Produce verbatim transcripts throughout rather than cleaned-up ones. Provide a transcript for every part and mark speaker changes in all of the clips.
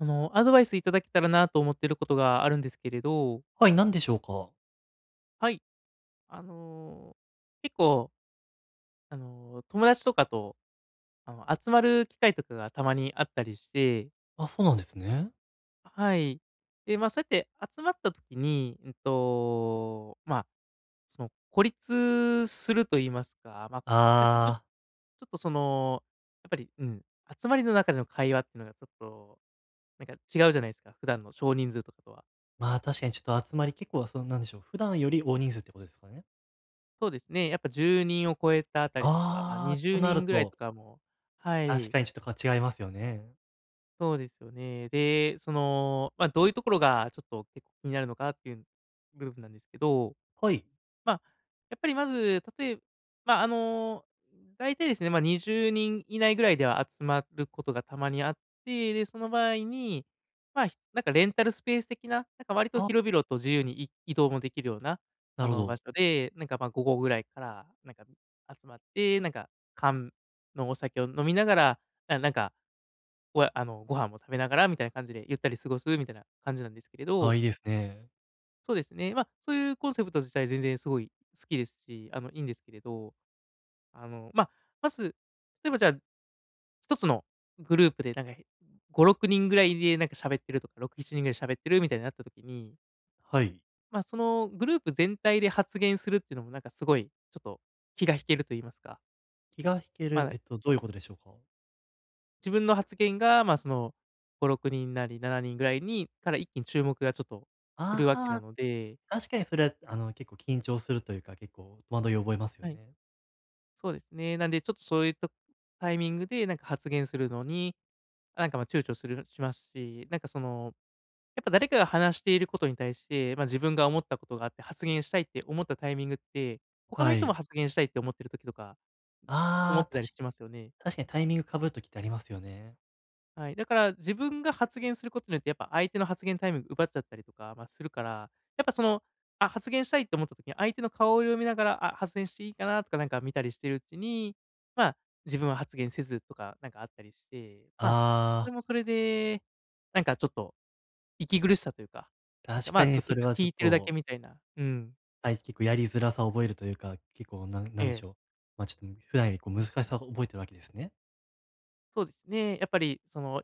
Speaker 1: あの、アドバイスいただけたらなと思ってることがあるんですけれど。
Speaker 2: はい、何でしょうか？
Speaker 1: はい。あの、結構あの、友達とかと、あの集まる機会とかがたまにあったりして。
Speaker 2: あ、そうなんですね。
Speaker 1: あ、はい。で、まあそうやって集まった時に、うんと、まあ、その孤立すると言いますか、ま、なんか、
Speaker 2: あ
Speaker 1: ぐち
Speaker 2: あ。
Speaker 1: ょっとその、やっぱり、うん、集まりの中での会話ってのがちょっと、なんか違うじゃないすか、普段の少人数とかとは。
Speaker 2: まあ、確かにちょっと集まり、結構なそのなんでしょう、普段より大人数ってことですかね？
Speaker 1: そうですね、やっぱじゅうにんを超えたあたりとか、まあ、に
Speaker 2: ああ、
Speaker 1: じゅ
Speaker 2: と
Speaker 1: う
Speaker 2: な
Speaker 1: に
Speaker 2: る
Speaker 1: んぐらい
Speaker 2: と
Speaker 1: とかも、は
Speaker 2: 確
Speaker 1: い。
Speaker 2: かにちょっとこう違いますよね。
Speaker 1: そうですよね。で、その、まあどういうところがちょっと結構気になるのかっていう部分なんですけど。
Speaker 2: はい。
Speaker 1: まあやっぱりまず、例えまあ、あのだいたいですね、まあにじゅうにん以内ぐらいでは集まることがたまにあって、で、その場合に、まあ、ひなんかレンタルスペース的な、なんか割と
Speaker 2: あ。
Speaker 1: 広々と自由にい移動もできるような、
Speaker 2: な
Speaker 1: あ
Speaker 2: るほ
Speaker 1: の、場
Speaker 2: ど。
Speaker 1: 所で、なんかまあ、午後ぐらいからなんか、集まって、なんか、缶のお酒を飲みながら、あ、なんか、おやあのご飯も食べながらみたいな感じでゆったり過ごすみたいな感じなんですけれど。
Speaker 2: あ、いいですね。
Speaker 1: そうですね、ま、そういうコンセプト自体全然すごい好きですし、あのいいんですけれど、あの、ま、まず、例えばじゃあひとつのグループでなんか、え、ごろくにんぐらいでなんか喋ってるとかろくしちにんぐらい喋ってるみたいになった時に
Speaker 2: はい。
Speaker 1: ま、そのグループ全体で発言するってのもなんかすごいちょっと気が引けると言いますか。
Speaker 2: 気が引け
Speaker 1: は
Speaker 2: る、
Speaker 1: い。
Speaker 2: えっとどういうことでしょうか？
Speaker 1: 自分の発言が、まあそのごろくにんなりななにんぐらいにから一気に注目がちょっと来るわけな
Speaker 2: ああ、
Speaker 1: ので
Speaker 2: 確かにそれはあの結構緊張するというか、結構戸惑いを覚えますよ
Speaker 1: はい。
Speaker 2: ね。
Speaker 1: そうですね。なんでちょっとそういったタイミングでなんか発言するのに、なんかまあ躊躇するしますし、なんかその、やっぱ誰かが話していることに対して、まあ自分が思ったことがあって発言したいって思ったタイミングって、他の
Speaker 2: は
Speaker 1: 人も
Speaker 2: い。
Speaker 1: 発言したいって思ってる時とか、思
Speaker 2: あ
Speaker 1: っ
Speaker 2: あ、
Speaker 1: て
Speaker 2: た
Speaker 1: たり
Speaker 2: し
Speaker 1: しますよね。
Speaker 2: 確かにタイミングかぶる時ってありますよね。
Speaker 1: はい、だから自分が発言することによってやっぱ相手の発言タイム奪っちゃったりとかまあするから、やっぱその、あ、発言したいと思った時に、相手の顔を読みながら、あ、発言していいかなとかなんか見たりしてるうちに、まあ自分は発言せずとかなんかあったりして、まあ、
Speaker 2: あ
Speaker 1: それ
Speaker 2: あ。
Speaker 1: もそれで、なんかちょっと息苦しさというか、なんか
Speaker 2: 確
Speaker 1: ま
Speaker 2: か
Speaker 1: あちょ
Speaker 2: に
Speaker 1: っと
Speaker 2: そ
Speaker 1: 結
Speaker 2: れ
Speaker 1: 局
Speaker 2: はち
Speaker 1: 聞
Speaker 2: ょっ
Speaker 1: いてるだけ
Speaker 2: と
Speaker 1: みたいな、うん。
Speaker 2: はい、す、結構やりづらさを覚えるというか、結構なん
Speaker 1: え
Speaker 2: なんでし
Speaker 1: え。
Speaker 2: ょう。ま、ちょ、うん、普段よりこう難しさを覚えてるわけですね。
Speaker 1: そうですね、やっぱりその、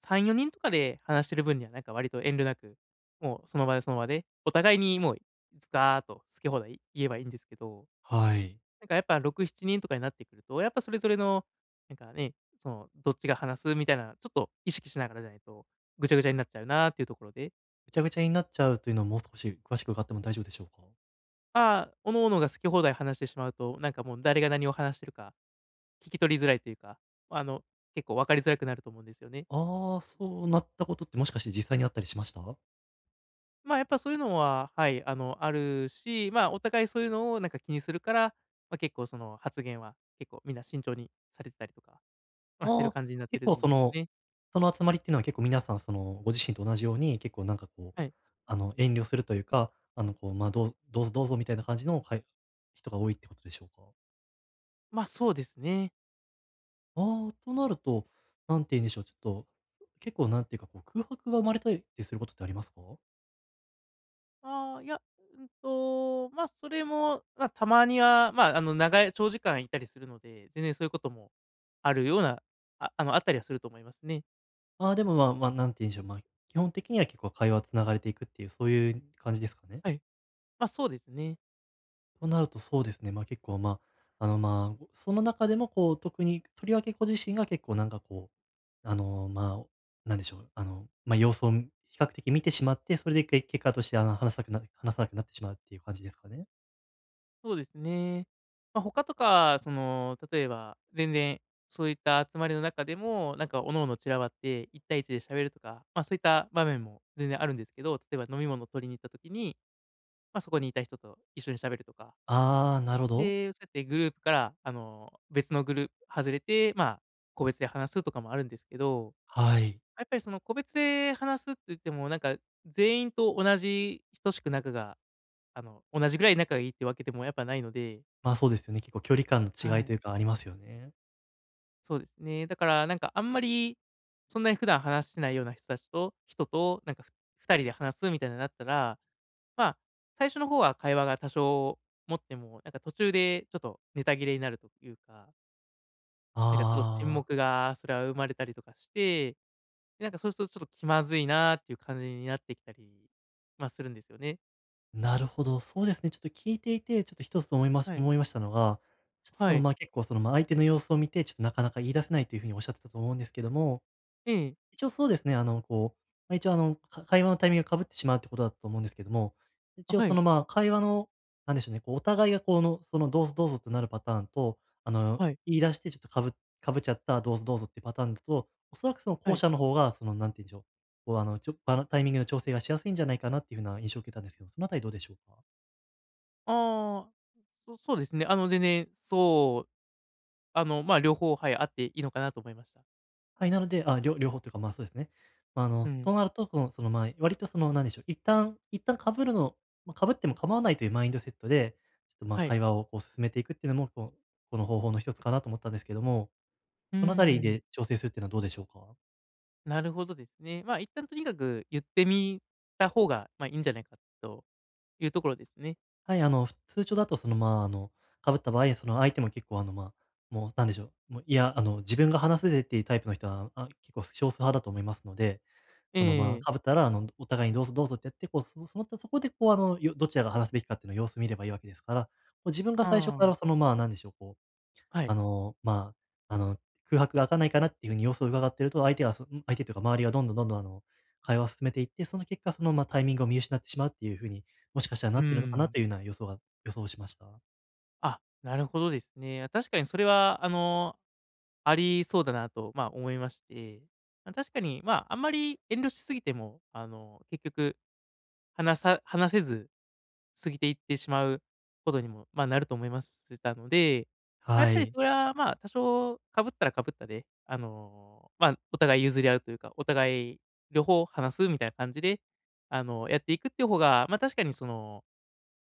Speaker 1: さんよにんとかで話してる分にはなんか割と遠慮なく、もうその場でその場で、お互いにもうズカーッと好き放題言えばいいんですけど。
Speaker 2: はい。
Speaker 1: なんかやっぱろくしちにんとかになってくると、やっぱそれぞれの、なんかね、そのどっちが話すみたいな、ちょっと意識しながらじゃないと、ぐちゃぐちゃになっちゃうなっていうところで。
Speaker 2: ぐちゃぐちゃになっちゃうというのをもう少し詳しく伺っても大丈夫でしょうか。
Speaker 1: ああ、各々が好き放題話してしまうと、なんかもう誰が何を話してるか、聞き取りづらいというか、あの結構分かりづらくなると思うんですよね。
Speaker 2: ああ、そうなったことって、もしかして実際にあったりしました？
Speaker 1: まあやっぱそういうのは、はい、あの、あるし、まあお互いそういうのをなんか気にするから、ま、結構その発言は、結構みんな慎重にされてたりとか、ま、して
Speaker 2: あ
Speaker 1: る
Speaker 2: あ、
Speaker 1: 感じになって
Speaker 2: 結
Speaker 1: る
Speaker 2: 構
Speaker 1: ん
Speaker 2: そ
Speaker 1: ですよ
Speaker 2: の、
Speaker 1: ね。
Speaker 2: その集まりっていうのは結構皆さんそのご自身と同じように、結構なんかこう、
Speaker 1: はい。
Speaker 2: あの遠慮するというか、あのこう、まあ、どうどうぞ、どうぞみたいな感じのかい人が多いってことでしょうか？
Speaker 1: ま、そうですね。
Speaker 2: ああ。となると、なんていうんでしょう、ちょっと結構なんていうかこう、空白が生まれたりってすることってありますか？
Speaker 1: ああ、いや、うんと、ま、それも、ま、たまには、まあ、あの、長い長時間いたりするので全然そういうこともあるようなあ、あの、あったりはすると思いますね。
Speaker 2: ああ、でもまあまあ、なんていうんしょう、まあ、基本的には結構会話は繋がれていくっていう、そういう感じですかね？
Speaker 1: はい、まあ、そうですね。
Speaker 2: となるとそうですね、ま、結構まあ、あのまあ、その中でもこう特に、とりわけご自身が結構なんかこう、あのまあ、なんでしょう、あの、ま、様子を比較的見てしまって、それで、け結果として、あの、話さくなる話さなくなってしまうっていう感じですかね？
Speaker 1: そうですね。ま、ほかとかその、例えば、全然そういった集まりの中でも、なんか各々散らばって、いったいいちで喋るとか、まあそういった場面も全然あるんですけど、例えば飲み物を取りに行った時に、ま、そこにいた人と一緒に喋るとか。
Speaker 2: ああ、なるほど。
Speaker 1: で、そうやってグループから、あの、別のグル外れて、まあ、個別で話すとかもあるんですけど、
Speaker 2: はい。
Speaker 1: やっぱりその個別で話すっていっても、なんか全員と同じ、等しく仲が、あの、同じぐらい仲がいいってわけでもやっぱないので。
Speaker 2: まあ、そうですよね。結構、距離感
Speaker 1: は
Speaker 2: の違いと
Speaker 1: い。
Speaker 2: いうか、ありますよね。
Speaker 1: そうですね、だから、なんか、あんまり、そんなに普段話してないような人たちと人と、なんか、ふふたりで話すみたいな、なったら、まあ、最初の方は会話が多少持っても、なんか、途中でちょっとネタ切れになるというかなんか、ちょっと、沈
Speaker 2: ああ。
Speaker 1: 黙がすら生まれたりとかして、で、なんか、そうするとちょっと、気まずいなっていう感じになってきたり、まあ、するんですよね。
Speaker 2: なるほど。そうですね。ちょっと聞いていて、ちょっと、ひとつ思いま
Speaker 1: はい。
Speaker 2: 思いましたのが、ちょっと、そ
Speaker 1: は
Speaker 2: の、
Speaker 1: い。
Speaker 2: ま、結構その、ま、相手の様子を見て、ちょっと、なかなか言い出せないという風におっしゃってたと思うんですけども、
Speaker 1: ええ。
Speaker 2: 一応そうですね、あの、こう、ま、一応あの、か会話のタイミングが、かぶってしまうっていうことだと思うんですけども、一
Speaker 1: あ、
Speaker 2: 応
Speaker 1: は
Speaker 2: そ
Speaker 1: い。
Speaker 2: の、ま、会話の、何でしょうね、こう、お互いが、こう、あの、その、どうぞ、どうぞとなるパターンと、あの、
Speaker 1: はい。
Speaker 2: 言い出して、ちょっとかぶかぶっちゃったどうぞ、どうぞっていうパターンだと、おそらく、その、
Speaker 1: は
Speaker 2: 後
Speaker 1: い。
Speaker 2: 者の方が、その、何て言うんでしょう、こう、あの、ちょ、バラタイミングの調整がしやすいんじゃないかな、っていう風な印象を受けたんですけど、そのあたりどうでしょうか？
Speaker 1: ああ、そそうですね、あの、全然、そう、あの、まあ、両方、はい、あっていいのかなと思いました。
Speaker 2: はい、なので、あ、りょ両方というかまあ、そうですね。あ
Speaker 1: う
Speaker 2: の、そ
Speaker 1: ん。
Speaker 2: うなるとそのその、まあ、割とその何でしょう、一旦一旦かぶるのま、かぶっても構わないというマインドセットで、ちょっとまあ、
Speaker 1: はい。
Speaker 2: 会話をこう進めていくっていうのも、こう、この方法の一つかなと思ったんですけども、
Speaker 1: うー
Speaker 2: そのあたり
Speaker 1: ん。
Speaker 2: で調整するっていうのはどうでしょうか？
Speaker 1: なるほどですね。まあ、一旦とにかく言ってみた方がまあ、いいんじゃないかというところですね。
Speaker 2: はい、あの通常だとそのまあ、あのかぶった場合、その相手も結構あのまあ、もう何でしょう、もういや、あの自分が話せるっていうタイプの人は、あ、結構少数派だと思いますので、
Speaker 1: え
Speaker 2: そのまあ、
Speaker 1: え。
Speaker 2: かぶったらあのお互いにどうぞ、どうぞってやって、こうその、そこでこうあのどちらが話すべきかっていうの様子見ればいいわけですから、こう自分が最初
Speaker 1: あ
Speaker 2: か
Speaker 1: あ。
Speaker 2: らそのまあ、何でしょう、こう、
Speaker 1: はい。
Speaker 2: あの、まあ、あの空白が明かないかなっていうふうに様子を伺ってると、相手がすん、相手っていうか周りがどんどん、どんどんあの、会話を進めていって、その結果その、ま、タイミングを見失ってしまうっていうふうに、もしかしたら
Speaker 1: う
Speaker 2: な
Speaker 1: ー
Speaker 2: ってるのかな
Speaker 1: ん。
Speaker 2: というような予想が予想しました。
Speaker 1: あ、なるほどですね。確かにそれはあのありそうだなと、まあ思いまして、ま、確かに、まあ、あんまり遠慮しすぎてもあの結局話さ話せず過ぎていってしまうことにも、まあ、なると思いましたので、やっ
Speaker 2: は
Speaker 1: ぱり
Speaker 2: い。
Speaker 1: それはまあ多少かぶったらかぶったで、あの、まあ、お互い譲り合うというか、お互い両方話すみたいな感じで、あのやっていくっていう方が、ま、確かにその、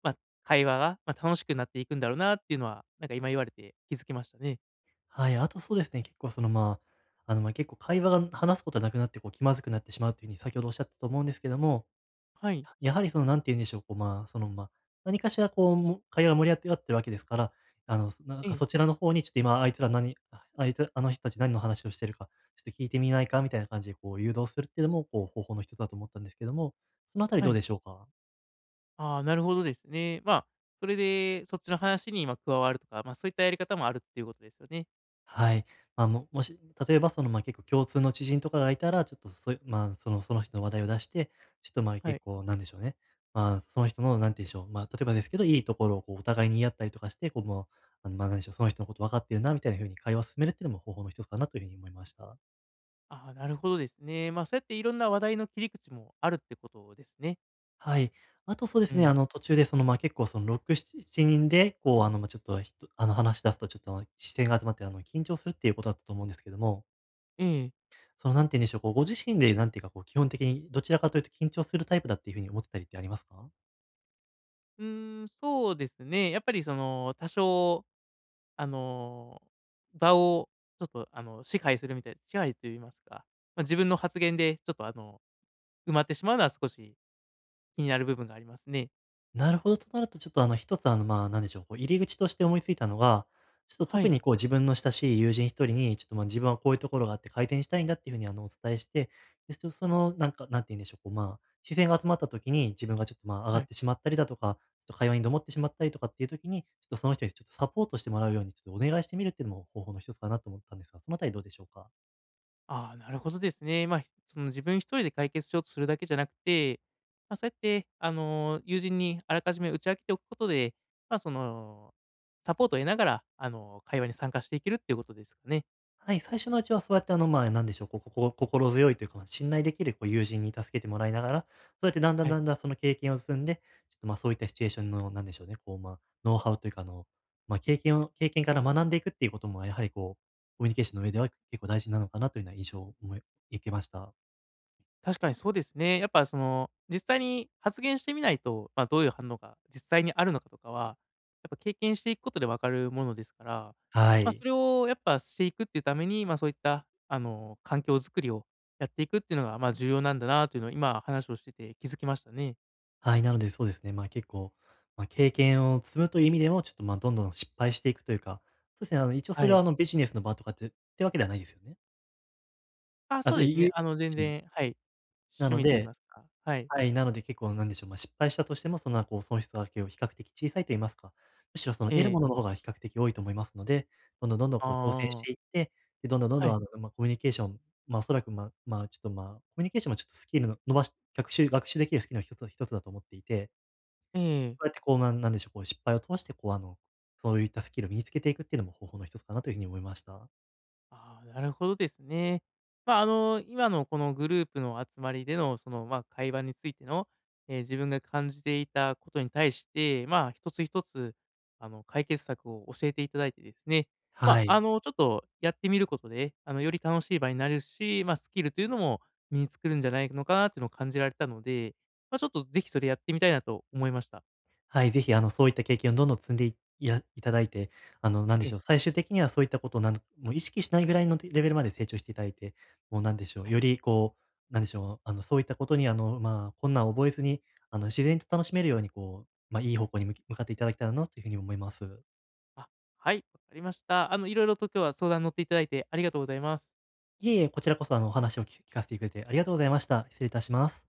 Speaker 1: ま、会話が、ま、楽しくなっていくんだろうなっていうのは、なんか今言われて気づきましたね。
Speaker 2: はい、あと、そうですね。結構その、まあ、あの、まあ、結構会話が、話すことはなくなって、こう、気まずくなってしまうという風に先ほどおっしゃったと思うんですけども。
Speaker 1: はい。
Speaker 2: やはりその、何て言うんでしょう、こう、まあ、その、ま、何かしら、こう、会話が盛り上がってるわけでわけですから、あの、そ、なん
Speaker 1: え
Speaker 2: か、
Speaker 1: え。
Speaker 2: そちらの方に、ちょっと、「今あいつら何、あ、あいつあの人たち何の話をしてるか、ちょっと聞いてみないか？」みたいな感じで、こう、誘導するっていうのも、こう、方法の一つだと思ったんですけども、そのあたり
Speaker 1: は
Speaker 2: どう
Speaker 1: い。
Speaker 2: でしょうか？
Speaker 1: ああ、なるほどですね。まあ、それでそっちの話に、ま、加わるとか、まあ、そういったやり方もあるっていうことですよね。
Speaker 2: はい。まあ、ももし、例えば、その、ま、結構共通の知人とかがいたら、ちょっとそういう、まあ、そのその人の話題を出して、ちょっと、まあ、
Speaker 1: はい。
Speaker 2: 結構、何でしょうね。まあ、その人の、何て言うんでしょう、まあ、例えばですけど、いいところを、こう、お互いに言い合ったりとかして、こう、ま、何でしょう、その人のこと分かってるなみたいな風に、会話を進めるっていうのも方法の一つかなという風に思いました。
Speaker 1: ああ、なるほどですね。まあ、そうやっていろんな話題の切り口もあるってことですね。
Speaker 2: はい。あと、そうで
Speaker 1: う
Speaker 2: すね、
Speaker 1: ん。
Speaker 2: あの、途中で、その、まあ、結構、その、ろく、しちしちにんで、こう、あの、まあ、ちょっと、あの、話し出すとちょっと、視線が集まって、あの、緊張するっていうことだったと思うんですけども。
Speaker 1: うん。
Speaker 2: その何て言うんでしょう、こう、ご自身でなんていうか、こう基本的にどちらかというと緊張するタイプだっていうふうに思ってたりってありますか？
Speaker 1: うーん、そうですね、やっぱりその、多少あの、場をちょっとあの、支配するみたい支配と言いますか、ま、自分の発言でちょっとあの、埋まってしまうのは少し気になる部分がありますね。
Speaker 2: なるほど。となるとちょっとあの、ひとつあの、まあ、何でしょう、こう入り口として思いついたのは、ちょっと
Speaker 1: は
Speaker 2: 特
Speaker 1: い。
Speaker 2: にこう自分の親しい友人ひとりに、ちょっとまあ、自分はこういうところがあって改転したいんだっていうふうにあの、お伝えしてですとそのなんか、何て言うんでしょう、こう、まあ、視線が集まった時に、自分がちょっとまあ、あが
Speaker 1: は
Speaker 2: っ
Speaker 1: い。
Speaker 2: てしまったりだとかちょっと会話にどもってしまったりとかっていう時に、ちょっとその人に、ちょっとサポートしてもらうようにちょっとお願いしてみるっていうのも方法のひとつかなと思ったんですが、そのあたりどうでしょうか？
Speaker 1: ああ、なるほどですね。ま、その自分ひとりで解決しようとするだけじゃなくて、ま、そうやってあの、友人にあらかじめ打ち明けておくことで、ま、その、サポートを得ながらあの、会話に参加していけるっていうことですね。
Speaker 2: はい、最初のうちはそうやってあの、まあ、何でしょう、こここう、心強いというか、信頼できるこう友人に助けてもらいながら、そうやって段々
Speaker 1: はい。
Speaker 2: 段々その経験を積んで、ちょっとまあそういったシチュエーションのなんでしょうね、こうまあ、ノウハウというかあの、まあ、経験を経験から学んでいくっていうこともやはりこう、コミュニケーションの上では結構大事なのかなというような印象おも受けました。
Speaker 1: 確かにそうですね。やっぱその、実際に発言してみないと、ま、どういう反応が実際にあるのかとかは、やっぱ経験していくことで分かるものですから、
Speaker 2: は
Speaker 1: まあ
Speaker 2: い。
Speaker 1: それをやっぱしていくっていうために、まあそういったあの、環境づくりをやっていくっていうのが、まあ、重要なんだなというのを今話をしてて気づきましたね。
Speaker 2: はい、なのでそうですね。まあ結構、まあ経験を積むという意味でも、ちょっとまあ、どんどん失敗していくというか、そうですね、あの、一応
Speaker 1: は
Speaker 2: それは
Speaker 1: い。
Speaker 2: あの、ビジネスの場とかってってわけではないですよね？
Speaker 1: あ、
Speaker 2: あ、
Speaker 1: そう
Speaker 2: ず
Speaker 1: です
Speaker 2: い
Speaker 1: ね、
Speaker 2: う
Speaker 1: あの
Speaker 2: [unintelligible]
Speaker 1: 全
Speaker 2: じ
Speaker 1: 然、はい、
Speaker 2: な
Speaker 1: 趣
Speaker 2: の
Speaker 1: 味といい
Speaker 2: で
Speaker 1: ますか、はい。
Speaker 2: はい。なので結構なんでしょう、ま、失敗したとしても、その、あ、こう、損失はけを比較的小さいといいますか、むしろその、
Speaker 1: え
Speaker 2: 得る
Speaker 1: え。
Speaker 2: ものの方が比較的多いと思いますので、どんどんどんどん、こう挑戦
Speaker 1: あ
Speaker 2: し
Speaker 1: あ。
Speaker 2: ていって、で、どんどんどん
Speaker 1: は
Speaker 2: ど
Speaker 1: い。
Speaker 2: ん、あの、ま、コミュニケーションま、おそらく、まあまあ、ちょっとまあ、コミュニケーションもちょっとスキルの伸ばし学習学習できるスキルのひとつひとつだと思っていて。
Speaker 1: ええ
Speaker 2: こ
Speaker 1: ええ。
Speaker 2: うやってこう、なんなんでしょう、こう、失敗を通して、こうあの、そういったスキルを身につけていくっていうのも方法のひとつかなというふうに思いました。
Speaker 1: ああ、なるほどですね。ま、あの、今のこのグループの集まりでの、そのまあ、会話についての、ええ、自分が感じていたことに対して、まあ一つひとつ、あの、解決策を教えていただいてですね、
Speaker 2: は
Speaker 1: ま、あ
Speaker 2: い。
Speaker 1: の、ちょっとやってみることで、あの、より楽しい場になるし、ま、スキルというのも身につくるんじゃないのかっていうのを感じられたので、ま、ちょっと、ぜひそれやってみたいなと思いました。
Speaker 2: はい、ぜひ、あのそういった経験をどんどん積んでいいやいただいて、あの、なんで
Speaker 1: え
Speaker 2: し
Speaker 1: え。
Speaker 2: ょう、最終的にはそういったことをなんもう意識しないぐらいのレベルまで成長していただいて、もうなんでしょう、
Speaker 1: はい。
Speaker 2: よりこう、なんでしょう、あの、そういったことにあの、まあ、困難を覚えずに、あの、自然と楽しめるようにこう、ま、いい方向に、む向かっていただきたいなというふうに思います。
Speaker 1: あ、はい、わかりました。あの、色々と今日は相談に乗っていただいてありがとうございます。
Speaker 2: いえいえ、こちらこそあの、お話をき聞かせていただいて、ありがとうございました。失礼いたします。